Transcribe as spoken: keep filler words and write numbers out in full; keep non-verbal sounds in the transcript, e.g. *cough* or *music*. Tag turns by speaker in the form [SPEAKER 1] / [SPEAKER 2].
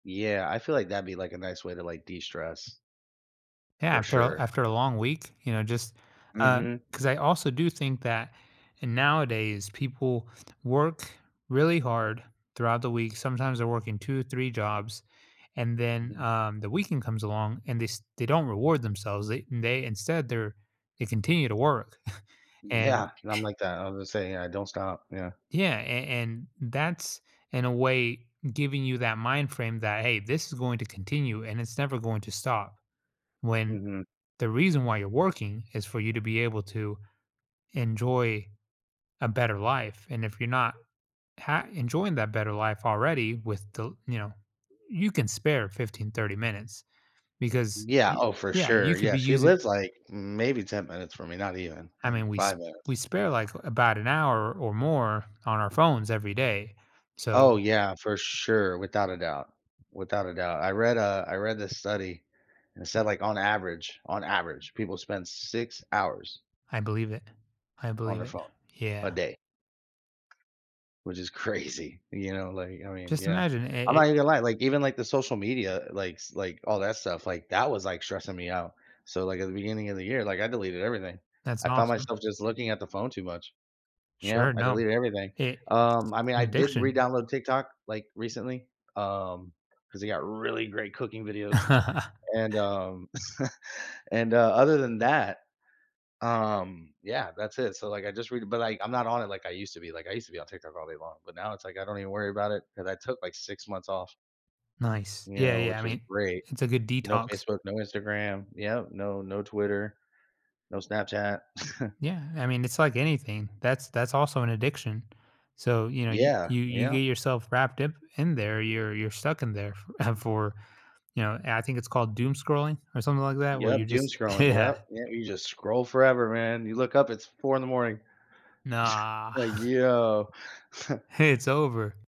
[SPEAKER 1] Yeah, I feel like that'd be, like, a nice way to, like, de-stress.
[SPEAKER 2] Yeah,
[SPEAKER 1] For
[SPEAKER 2] after a
[SPEAKER 1] sure.
[SPEAKER 2] after a long week, you know, just, uh
[SPEAKER 1] Mhm.
[SPEAKER 2] 'cause I also do think that nowadays people work really hard throughout the week, sometimes they're working two or three jobs and then,
[SPEAKER 1] Mhm.
[SPEAKER 2] um, the weekend comes along and they st they don't reward themselves, they they instead their they continue to work. *chuckles* And
[SPEAKER 1] Yeah, and I'm
[SPEAKER 2] *chuckles*
[SPEAKER 1] like that, I was gonna say, yeah, I don't stop, yeah.
[SPEAKER 2] Yeah, an and that's, in a way, giving you that mind frame that, "Hey, this is going to continue and it's never going to stop," when
[SPEAKER 1] Mhm.
[SPEAKER 2] the reason why you're working is for you to be able to enjoy a better life, and if you're not ha enjoying that better life already with the you know, you can spare fifteen, thirty minutes because,
[SPEAKER 1] Yeah,
[SPEAKER 2] y
[SPEAKER 1] oh, for
[SPEAKER 2] yeah,
[SPEAKER 1] sure,
[SPEAKER 2] you could
[SPEAKER 1] yeah,
[SPEAKER 2] be
[SPEAKER 1] she
[SPEAKER 2] using
[SPEAKER 1] lives, like, maybe ten minutes from me, not even,
[SPEAKER 2] I
[SPEAKER 1] like,
[SPEAKER 2] mean, we s
[SPEAKER 1] five minutes.
[SPEAKER 2] we spare, like, about an hour or more on our phones every day.
[SPEAKER 1] Oh,
[SPEAKER 2] So
[SPEAKER 1] yeah, for sure, without a doubt. Without a doubt, I read, uh I read this study, and it said, like, "On average on average, people spend six hours"
[SPEAKER 2] I believe it. I
[SPEAKER 1] "on
[SPEAKER 2] believe
[SPEAKER 1] their
[SPEAKER 2] it.
[SPEAKER 1] phone
[SPEAKER 2] Yeah.
[SPEAKER 1] a day." Which is crazy, you know? Like, I mean
[SPEAKER 2] Just
[SPEAKER 1] yeah,
[SPEAKER 2] imagine i
[SPEAKER 1] I'm
[SPEAKER 2] i
[SPEAKER 1] not even gonna lie, like, even, like, the social media likes like, all that stuff, like, that was, like, stressing me out. So, like, at the beginning of the year, like, I deleted everything.
[SPEAKER 2] That's
[SPEAKER 1] I found
[SPEAKER 2] awesome.
[SPEAKER 1] myself just looking at the phone too much, you
[SPEAKER 2] Sure,
[SPEAKER 1] know? I
[SPEAKER 2] no.
[SPEAKER 1] deleted everything.
[SPEAKER 2] I it's
[SPEAKER 1] Um, I mean,
[SPEAKER 2] an
[SPEAKER 1] I did
[SPEAKER 2] addiction.
[SPEAKER 1] redownload TikTok, like, recently, um, 'cause they got really great cooking videos,
[SPEAKER 2] *chuckles*
[SPEAKER 1] and, um *chuckles* and, uh, other than that, um, yeah, that's it, so, like, I just read it but, like, I'm not on it like I used to be, like, I used to be on TikTok all day long, but now it's like, I don't even worry about it 'cause I took, like, six months off
[SPEAKER 2] Nice.
[SPEAKER 1] you
[SPEAKER 2] Yeah,
[SPEAKER 1] know,
[SPEAKER 2] yeah, I
[SPEAKER 1] which was
[SPEAKER 2] mean,
[SPEAKER 1] great.
[SPEAKER 2] it's a good
[SPEAKER 1] No
[SPEAKER 2] detox.
[SPEAKER 1] Facebook, no Instagram, yep, no no Twitter. No Snapchat. *chuckles*
[SPEAKER 2] Yeah, I mean, it's like anything, that's that's also an addiction. So, you know, you
[SPEAKER 1] Yeah.
[SPEAKER 2] you you get
[SPEAKER 1] Yep.
[SPEAKER 2] yourself wrapped up in there, you're you're stuck in there f ah, for you know, I think it's called doom scrolling or something like that where you
[SPEAKER 1] Yep,
[SPEAKER 2] just
[SPEAKER 1] doomscrolling,
[SPEAKER 2] yeah.
[SPEAKER 1] yep, yeah, you just scroll forever, man, you look up, it's four in the morning. *chuckles*
[SPEAKER 2] Nah.
[SPEAKER 1] Like,
[SPEAKER 2] *chuckles*
[SPEAKER 1] "Yo." *chuckles*
[SPEAKER 2] *chuckles* It's over.